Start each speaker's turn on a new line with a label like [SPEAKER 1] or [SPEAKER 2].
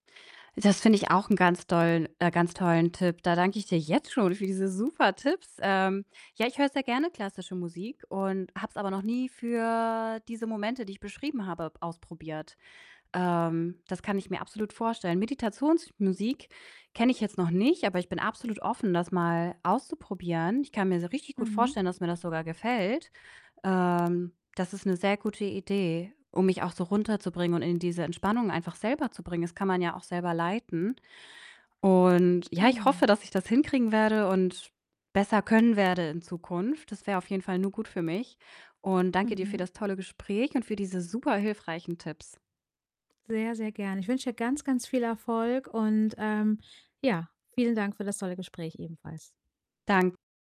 [SPEAKER 1] Das finde ich auch 'n ganz dollen äh, ganz tollen Tipp. Da danke ich dir jetzt schon für diese super Tipps. Ähm, ja, ich höre sehr gerne klassische Musik und habe es aber noch nie für diese Momente, die ich beschrieben habe, b ausprobiert. Ähm, das kann ich mir absolut vorstellen. Meditationsmusik kenne ich jetzt noch nicht, aber ich bin absolut offen, das mal auszuprobieren. Ich kann mir se richtig gut
[SPEAKER 2] Mhm.
[SPEAKER 1] vorstellen, dass mir das sogar gefällt. Ähm, das ist 'ne sehr gute Idee, um mich auch so runterzubringen und in diese Entspannung einfach selber zu bringen. Das kann man ja auch selber leiten und ja, ich hoffe,
[SPEAKER 2] Genau.
[SPEAKER 1] dass ich das hinkriegen werde und besser können werde in Zukunft. Das wäre auf jeden Fall nur gut für mich und danke dir für
[SPEAKER 2] Mhm.
[SPEAKER 1] das tolle Gespräch und für diese super hilfreichen Tipps.
[SPEAKER 2] Sehr, sehr gern. Ich wünsche dir ganz, ganz viel Erfolg und, ähm, ja, vielen Dank für das tolle Gespräch ebenfalls.
[SPEAKER 1] Dan